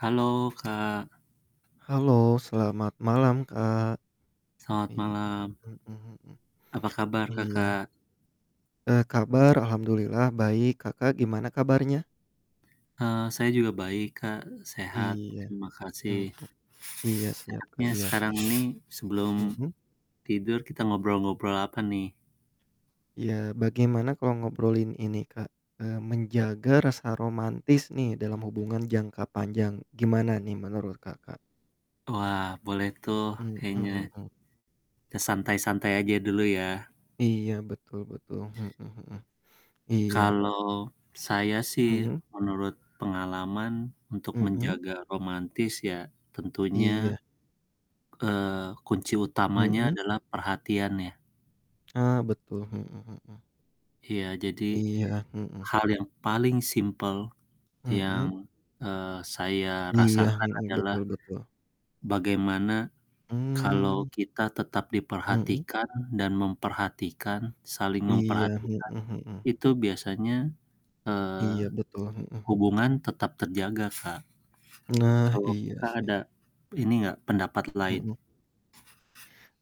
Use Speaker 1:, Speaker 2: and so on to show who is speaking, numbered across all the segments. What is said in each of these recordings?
Speaker 1: Halo, Kak.
Speaker 2: Halo selamat malam Kak.
Speaker 1: Selamat
Speaker 2: Iya,
Speaker 1: malam.
Speaker 2: hmm hmm.
Speaker 1: Apa kabar
Speaker 2: Iya.
Speaker 1: Kakak?
Speaker 2: Eee, kabar alhamdulillah baik Kakak gimana kabarnya?
Speaker 1: Eee, saya juga baik Kak, sehat
Speaker 2: Iya.
Speaker 1: terima kasih.
Speaker 2: Hmm, iya siap Kak,
Speaker 1: enaknya
Speaker 2: iya.
Speaker 1: sekarang ini sebelum
Speaker 2: Hmm.
Speaker 1: tidur kita ngobrol-ngobrol apa nih?
Speaker 2: Iya, bagaimana kalau ngobrolin ini Kak, eee, menjaga rasa romantis nih dalam hubungan jangka panjang gimana nih menurut Kakak?
Speaker 1: Wah boleh tuh
Speaker 2: Hmm
Speaker 1: kayaknya,
Speaker 2: hmm.
Speaker 1: kita santai-santai aja dulu ya.
Speaker 2: Iya betul betul, hmm hmm. Iya.
Speaker 1: Kalau saya sih
Speaker 2: Hmm.
Speaker 1: menurut pengalaman untuk
Speaker 2: Hmm.
Speaker 1: menjaga romantis ya
Speaker 2: Iya.
Speaker 1: tentunya, eee, kunci utamanya
Speaker 2: Hmm.
Speaker 1: adalah perhatian ya.
Speaker 2: Ah, betul, hmm hmm.
Speaker 1: Iya jadi
Speaker 2: Iya, hmm.
Speaker 1: hal yang paling simple
Speaker 2: Hmm.
Speaker 1: yang, eee, saya
Speaker 2: Iya,
Speaker 1: rasakan
Speaker 2: hmm,
Speaker 1: adalah
Speaker 2: betul betul.
Speaker 1: bagaimana kalau
Speaker 2: Mmm.
Speaker 1: kita tetap
Speaker 2: Hmm.
Speaker 1: diperhatikan dan memperhatikan saling
Speaker 2: Iya, hmm
Speaker 1: memperhatikan
Speaker 2: hmm.
Speaker 1: itu biasanya, eee,
Speaker 2: Iya, betul, hmm hmm.
Speaker 1: hubungan tetap terjaga Kak
Speaker 2: Nah
Speaker 1: kalau
Speaker 2: iya
Speaker 1: Kakak
Speaker 2: sih.
Speaker 1: ada ini nggak pendapat lain?
Speaker 2: Hmm.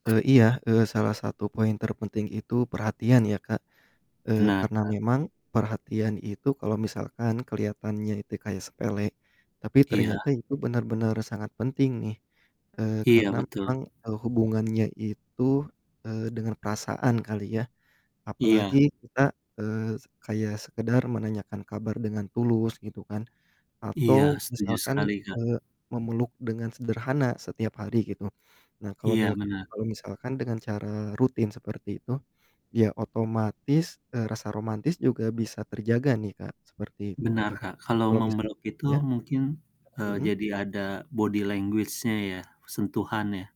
Speaker 2: E iya, eee, salah satu poin terpenting itu perhatian ya Kak, eee,
Speaker 1: Benar,
Speaker 2: karena
Speaker 1: Kak.
Speaker 2: memang perhatian itu kalau misalkan keliatannya itu kayak sepele tapi
Speaker 1: Iya.
Speaker 2: ternyata itu benar-benar sangat penting nih. Eee,
Speaker 1: Iya,
Speaker 2: karena
Speaker 1: betul.
Speaker 2: memang e hubungannya itu, eee, dengan perasaan kali ya apalagi
Speaker 1: Iya.
Speaker 2: kita, eee, se kayak sekedar menanyakan kabar dengan tulus gitu kan atau
Speaker 1: Iya, setuju
Speaker 2: misalkan
Speaker 1: sekali
Speaker 2: e
Speaker 1: Kak.
Speaker 2: memeluk dengan sederhana setiap hari gitu. Nah kalau
Speaker 1: Iya,
Speaker 2: milk
Speaker 1: bener.
Speaker 2: kalau misalkan dengan cara rutin seperti itu ya otomatis, eee, rasa romantis juga bisa terjaga nih Kak seperti itu
Speaker 1: Benar,
Speaker 2: ya
Speaker 1: Kak kalau
Speaker 2: kalau misal
Speaker 1: memeluk itu
Speaker 2: ya?
Speaker 1: mungkin, eee,
Speaker 2: Hmm.
Speaker 1: jadi ada body language-nya ya, sentuhan ya.